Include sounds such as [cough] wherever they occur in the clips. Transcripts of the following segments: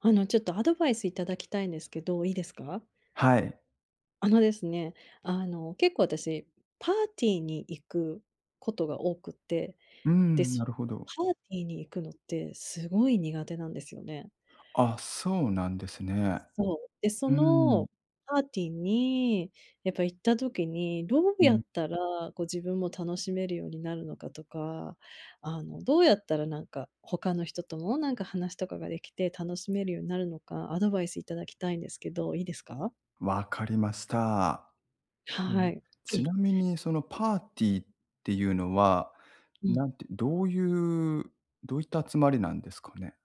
あの、ちょっとアドバイスいただきたいんですけど、いいですか？はい。あのですね、あの、結構私、パーティーに行くことが多くて、うーで、ん、そ、なるほど。パーティーに行くのってすごい苦手なんですよね。あ、そうなんですね。そう、で、そうーのん。パーティーに、やっぱ行った時に、どううん。やっん。たらこう自分も楽しめるようになるのかとか、あの、どうやったらなんか、他の人ともなんか話とかができて楽しめるようになるのか、アドバイス頂きたいんですけど、いいですか？分かりました。うはん。い。ち [unintelligible] なみにそのパーティーっていうのは、うん。なんて、どういう、どういった集まりなんですかね？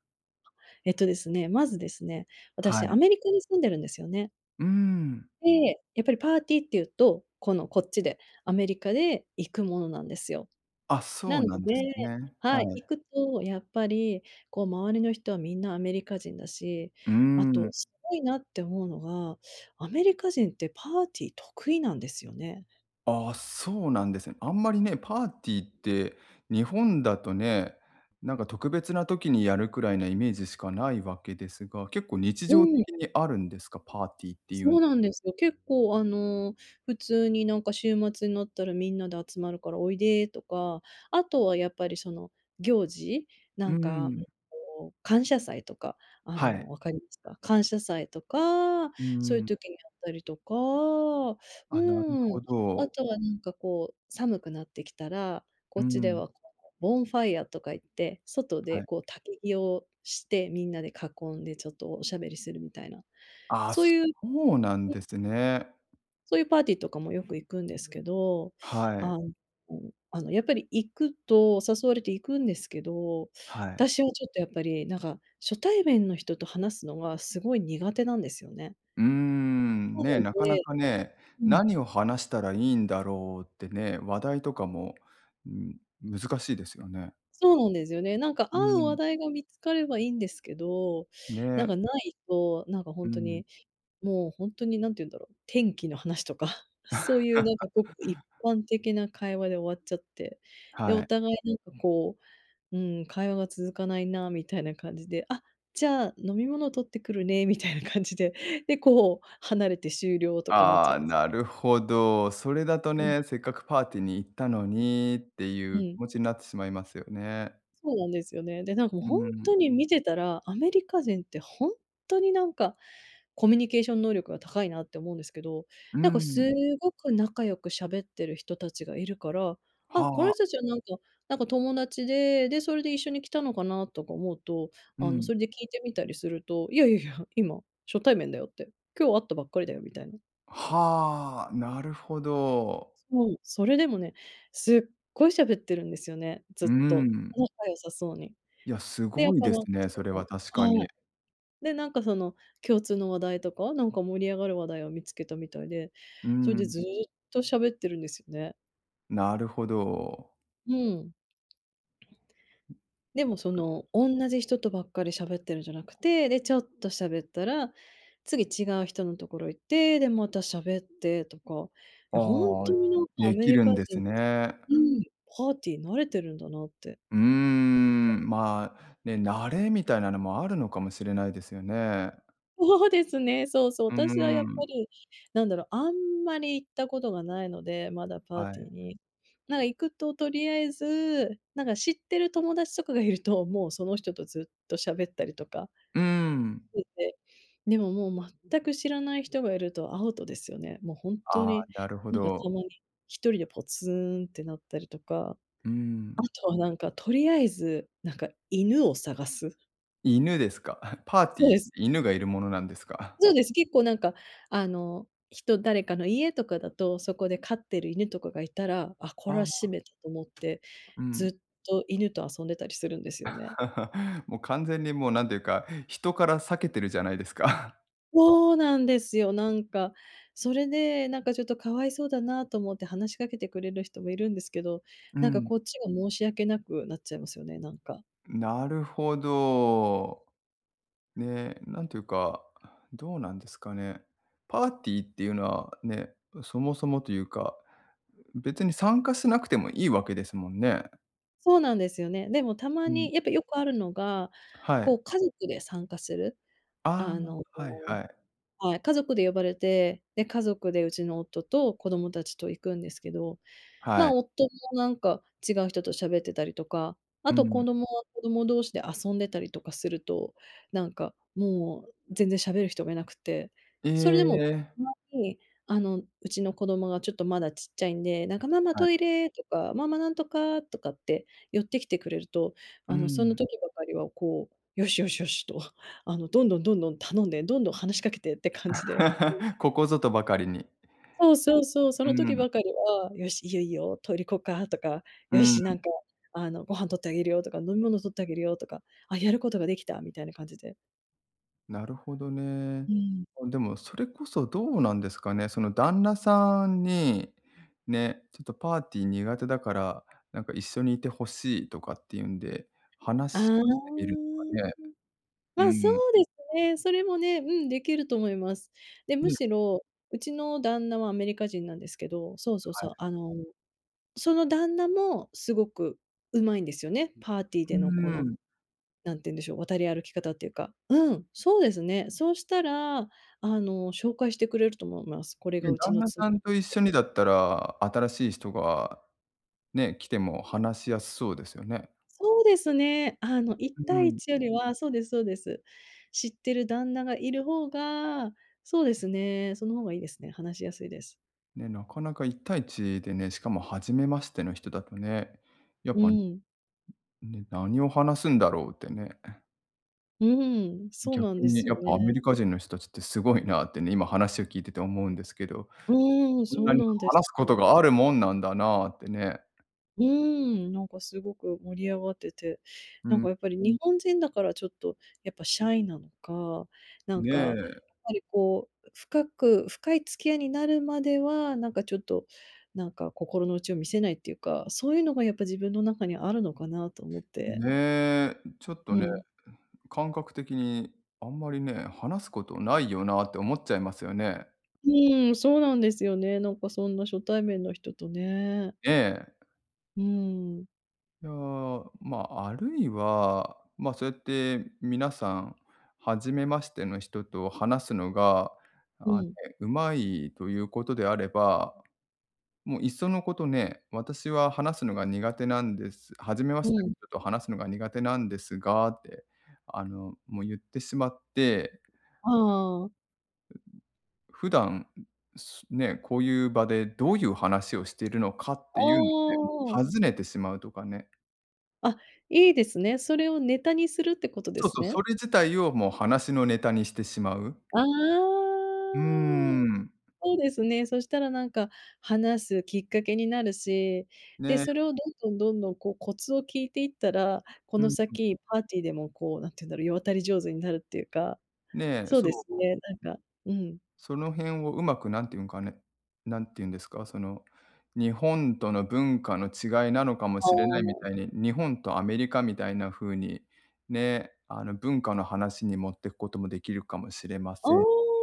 えっとですね、まずですね、は私、アい。メリカに住んでるんですよね。うーん。で、やっぱりパーティーっていうと、このこっちで、アメリカで行くものなんですよ。あ、なそうのでなんですね。ははい、行い。くとやっぱり、こう周りの人はみんなアメリカ人だし、うーあと、ん。すごいなって思うのが、アメリカ人ってパーティー得意なんですよね。ああ、そうなんですね。あんまりね、パーティーって日本だとね、なんか特 [unintelligible] 別な時にやるくらいのイメージしかないわけですが。結構日う常ええ。的にあるんですか、パーティーっていうそん。うなんですよ。結構あの、普通になんか「週末になったらみんなで集まるからおいで」とか。あとはやっぱりその行事。うなんんうか、んうね、ん。こう感謝祭とか、あはのい。分かりますか？感謝祭とか、うんそういううん。時にあったりとか、うあ、なるーん。ほあど。とはなんかこう寒くなってきたら、うこっちでん。は、つ、なんか、うボンファイアーとか言って、外はでい。こう焚き火をして、みんなで囲んでちょっとおしゃべりするみたいな。あ、そうそいううなんえ、うでん。すね。そういうパーティーとかもよく行くんですけど。はあ、い。うん、あのあのやっぱり行くと誘われて行くんですけど。はたい。しはちょっとやっぱり、なんか、初対面の人と話すのがすごい苦手なんですよね。うーん、そね、うなかなです、かね。うん。何を話したらいいんだろうってね、話題とかも、うん、難しいですよね。そうなんですよね。なんかう合う話ん。題が見つかればいいんですけど。なんね。か無いと、なんかほうんとん。に、もうほんとに何て言うんだろう、天気の話とか。そういうなん [chuckles] かごく一般的な会話で終わっちゃって。で、はおい。互いなんかこう、うーん、「会話が続かないな」みたいな感じで。「あ、じゃあ飲み物取ってくるね」みたいな感じで。で、こう、離れて終了とかなっちあゃうあ、んです。なるほど。それだとうん。ね、「せっかくパーティーに行ったのに」っていうう気ん。持ちになってしまいますよね。そうなんですよね。で、なんか、も、うーほんん。とに見てたら、アメリカ人ってほんとになんか、コミュニケーション能力が高いなって思うんですけど。うーなんかん。すごく仲良く喋ってる人達がいるから、「あ、こはのあ。人たちはなんかなんか友達で、で、それで一緒に来たのかな」とか思うと、うあの、ん。それで聞いてみたりすると、「いやいやいや、今、初対面だよ」って。「今日会ったばっかりだよ」みたいな。はあ。なるほど。そう、それでもね、すっごい喋ってるんですよね。ずうっと、ん。仲良さそうに。いや、すで、やっごいぱ、ですなんかね。それそはの確かはい。に。で、なんかその、共通の話題とか、なんか、盛り上がる話題を見つけたみたいで。うそれで、ん。ずっと喋ってるんですよね。なるほど。うん。でもその、おんなじ人とばっかり喋ってるんじゃなくて、で、ちょっと喋ったら、次違う人のところ行って、で、また喋ってとか。いや、本あ当あ、になんかアでメきリるカんで人すっね。て、うん、パーティー慣れてるんだなって。うーん。うん、まあ、ね、慣れみたいなのも、あるのかもしれないですよね。そうですね。そうそう。うー私はやっぱん。り、なんだろう、あんまり行ったことがないので、まだ、パーはティい。ーに。なんか、行くと取り敢えずなんか、知ってる友達とかがいると、もう、その人とずっと喋ったりとか。うん。[unintelligible] でも、もう、全く知らない人がいると、アウトですよね。もう本当ああ、に。なるほなんかたど。まに、1人でポツンってなったりとか。うん。あとはなんか、取り敢えず、なんか、犬を探す。犬ですか。[chuckles] パーテそィうー、です。犬がいるものなんですか。[chuckles] そうです、結構なんか、あの、人、誰かの家とかだと、そこで飼ってる犬とかがいたら、「あ、これあはあしあ。めた」と思って、うん。ずっと犬と遊んでたりするんですよね。[chuckles] もう完全にもうなんていうか、人から避けてるじゃないですか。[chuckles] うおなんですよ、なんか。それでなんかちょっと可哀想だなと思って話しかけてくれる人もいるんですけど、うなんん、かこん。っちが申し訳なくなっちゃいますよね、なんか。ん、なるほど。ね、なんていうか、どうなんですかね。パーティーっていうのは、ね、うそもそもというか、うう別に参加しなくてもいいわけですもんね。そうなんですよね。でもたまうん。に、やっぱよくあるのが、あ、はこい。う家族で参加する。ああの、あ、はいのはい。はい、家族で呼ばれて、で、家族でうちの夫と子供たちと行くんですけど。はい。ま、夫もなんか違う人と喋ってたりとか、あうと子ん。供は子供同士で遊んでたりとかすると、なんかもう全然喋る人がいなくて、それでも、え。たまに、あの、うちの子供がちょっとまだちっちゃいんで、なんか「ママ、はい。トイレ」とか、「ママ、何とか」とかって寄ってきてくれると、うーあの、そのん。時ばかりはこう、「よしよしよし」とあの、どんどんどんどん頼んで、どんどん話しかけてって感じで。[laughs] ここぞとばかりに。うえ。そうそうそう、そうーの時ん、ん。ばかりは、「よし、いいよいいよ、とりこか」とか、う「よーし、なん。んか、あの、ご飯取ってあげるよ」とか、「飲み物取ってあげるよ」とか、「あ、やることができた」みたいな感じで。なるほどね。うん。あ、でもそれこそどうなんですかね？その、旦那さんに、ね、ちょっとパーティー苦手だから、なんか一緒にいてほしいとかっていうんで、あ話あ。をしてみるとかね。うまあ、そん。うですね、それもね、うん、できると思います。で、むね。しろ、うちの旦那はアメリカ人なんですけど、そうそうはそい。う、あの、その旦那もすごく上手いんですよね、パーティーうーでのこの、ん。なんて言うんでしょう、渡り歩き方っていうか。うん、そうですね。そしたら、あの紹介してくれると思います。これがうん、うち旦の那妻、とさん言とっ一て。緒にだったら、新しい人が、ね、来ても話しやすそうですよね。そうですね、あのういったんういいん。ちよりは、そうですそうです。知ってる旦那がいる方が、そうですね、その方がいいですね、話しやすいです。ね、なかなか1対1でね、しかも初めましての人だとね。やっうぱ、ね、ん。何を話すんだろうってね。うん、そう逆なんでにねすやよっぱ、ね。アメリカ人の人達ってすごいなってね、今話を聞いてて思うんですけど。うん、そんそなうになんで話すすことよ。があるもんなんだなあってね。うーん、なんか凄く盛り上がってて、うなんん。かやっぱり日本人だからちょっと、やっぱシャイなのか、なんねか、やっえ。ぱりこう、深く深い付き合いになるまでは、なんかちょっと、なんか心の内を見せないっていうか、そういうのがやっぱ自分の中にあるのかなと思って。ねえ、ちょっとうね、ん。ん、感覚的に、あんまりね、話すことないよなって思っちゃいますよね。うーん、そうなんですよね、なんかそんな初対面の人とね。ええ。うーん。いやあ、まあ、あるいは、まあそうやって、皆さん初めましての人と話すのが、うあ、ん。うまいということであれば、もういっそのことね、私は話すのが苦手なんです、初めまうしてのん。人と話すのが苦手なんですがって、あの、もう言ってしまってああ。[groans] 普段、すね、こういう場でどういう話をしているのかっていうのをね、おお。尋ねてしまうとかね。あ、いいですね、それをネタにするってことでそうすそう、ね？それ自体をもう話のネタにしてしまう。あ、あうーあ。ん。そうですね、そしたらなんか、話すきっかけになるし。で、ね。それをどんどんどんどんこうコツを聞いていったら、こうのんうん。先、パーティーでもこう、何て言うんだろう、世渡り上手になるっていうか。ねえ、そうそう、ですも。ね、なんかうん。その辺をうまく何て言うんかね何て言うんですか、その、日本との文化の違いなのかもあしれないみあ。たいに、日本とアメリカみたいな風に、ね、あの文化の話に持ってくこともできるかもしれまあせん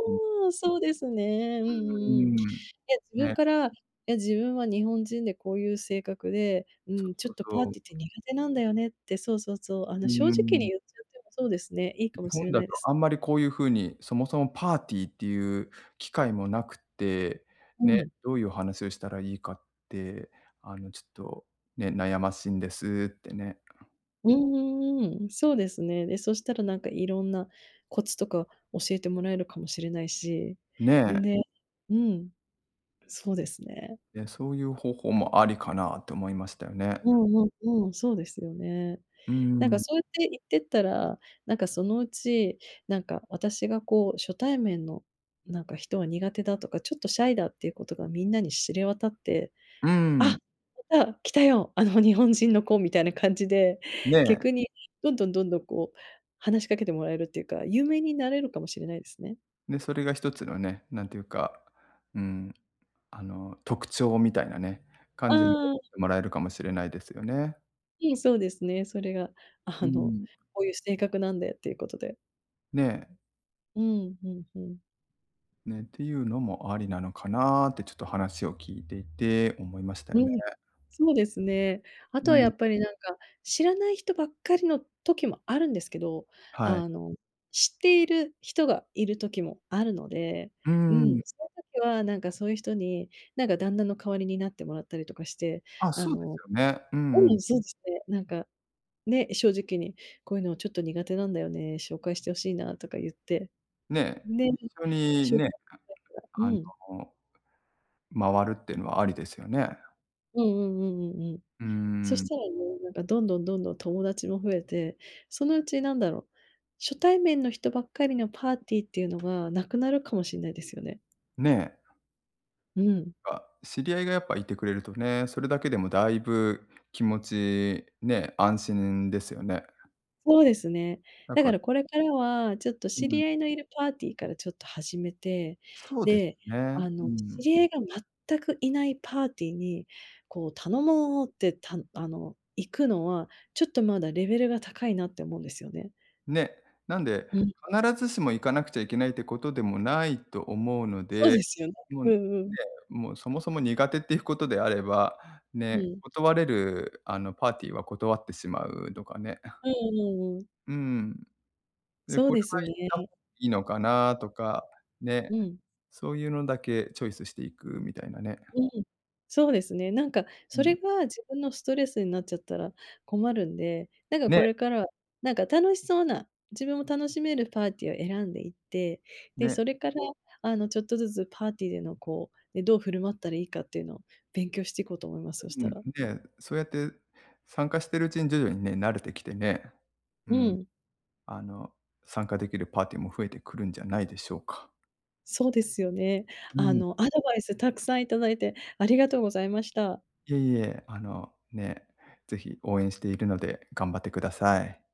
うん。うあ、そうですね、うんううーんうん。いん。や、自分ね。から、「いや、自分は日本人でこういう性格で、うそーうん、ちょそっうとパーそティーってう。苦手なんだよね」って。そうそうそう、あうの、ー正直にん。言っちゃってもそうですね、いいか「日もし本れだないとです。あんまりこういう風に、そもそもパーティーっていう機会もなくって、はね、い。どういうお話をしたらいいかって、あの、ちょっと、ね、悩ましいんです」ってね。うんうんうん、そうですね、で、そしたらなんか、いろんなコツとか教えてもらえるかもしれないし、ねん、え。ね、うん。そうですね。え、そういう方法もありかなって思いましたよね。うんうんうん、そうですよね。うーなんかん。そうやって言ってったら、なんかそのうち、なんか私がこう初対面の、なんか人は苦手だとか、ちょっとシャイだっていうことがみんなに知れ渡って、うー「あ、ん。来た、来たよ、あの日本人の子」みたいな感じで、ね。逆にどんどんどんどんこう、話しかけてもらえるっていうか、有名になれうるかもしれないですね。ね、それが1つのね、なんていうか、うーん、あの、特徴みたいなね、感あじに思ん。ってもらえるかもしれないですよね。いえ、そうですね、それが、うあーの、ん。「こういう性格なんで」っていうことで。ね、えうん、ふんふん。ね、っていうのもありなのかなって、ちょっと話を聞いていて、思いましたようね。ん。そうですね。あうとはやん。っぱりなんか、知らない人ばっかりの時もあるんですけど、はい。あの、知っている人がいる時もあるので、うーうん。ん、その時はなんかそういう人に、なんか旦那の代わりになってもらったりとかして、あ、あそうですのよね。うんううん、ん。そうですね、なんか、ね、正直に「こういうのはちょっと苦手なんだよね、紹介してほしいな」とか言って、ね、ね。一緒に、紹介ね、がてら。うあの、ん。回るっていうのはありですよね。うんうんうんうんうん。うーそしん。たらね、なんか、どんどんどんどん友達も増えて、そのうちなんだろう、初対面の人ばっかりのパーティーっていうのが無くなるかもしんないですよね。ね。うん。あ、知り合いがやっぱ、いてくれるとね、それだけでもだいぶ気持ちね、安心ですよね。そうですね、なんだかからこれからは、ちょっとう知ん。り合いのいるパーティーからちょっと始めて、そうですで、ね、あうの、知ん。り合いが全くいないパーティーに、こう「頼もう」ってたんあの行くのは、ちょっとまだレベルが高いなって思うんですよね。ね、なんで、うん。必ずしも行かなくちゃいけないってことでもないと思うのそうでで、すよね。もううね、んうん。うん、もうそもそも苦手っていうことであれば、うね、ん。断れるあのパーティーは断ってしまうとかね。[chuckles] うんうんうん。うーん。で、そうこれですは行った方ね。いいのかなとか、ね。うん。そういうのだけチョイスしていくみたいなね。うん、そうですね、なんかうそれん。が自分のストレスになっちゃったら困るんで、なんかこね。れからは、なんか楽しそうな、自分も楽しめるパーティーを選んでいって、で、ね。それから、あのちょっとずつパーティーでのこう、え、どう振る舞ったらいいかっていうのを勉強してこうと思います、そしううたら。ん、で、そうやって参加してるうちに徐々にね、慣れてきてね、ううん、ん。あの、参加できるパーティーも増えてくるんじゃないでしょうか。そうですよね。うあん。のアドバイスたくさん頂いてありがとうございました。いえいえ、あの、ね、ぜひ応援しているので、頑張ってください。